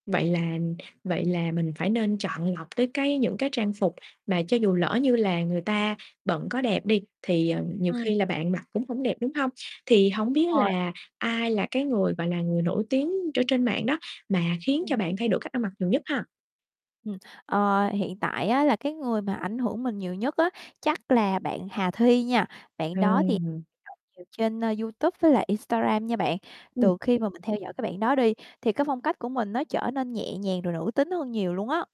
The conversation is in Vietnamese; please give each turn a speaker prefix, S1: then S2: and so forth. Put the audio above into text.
S1: Vậy là vậy là mình phải nên chọn lọc tới cái những cái trang phục mà cho dù lỡ như là người ta bận có đẹp đi thì, ờ, nhiều
S2: Ừm.
S1: khi là bạn mặc cũng hổng đẹp, đúng hông? Thì hổng
S2: Đúng
S1: biết
S2: rồi.
S1: là ai là cái người mà là người nổi tiếng ở trên mạng đó mà khiến cho
S2: Ừm.
S1: bạn thay đổi cách ăn mặc nhiều nhất ha?
S2: Ừm, ờ, hiện tại á là cái người mà ảnh hưởng mình nhiều nhất á chắc là bạn Hà Thi nha. Bạn đó thì
S1: Ừ.
S2: [unintelligible] nhiều trên YouTube với lại Instagram nha bạn. Từ
S1: Ừm.
S2: khi mà mình theo dõi cái bạn đó đi thì cái phong cách của mình nó trở nên nhẹ nhàng rồi nữ tính hơn nhiều luôn á.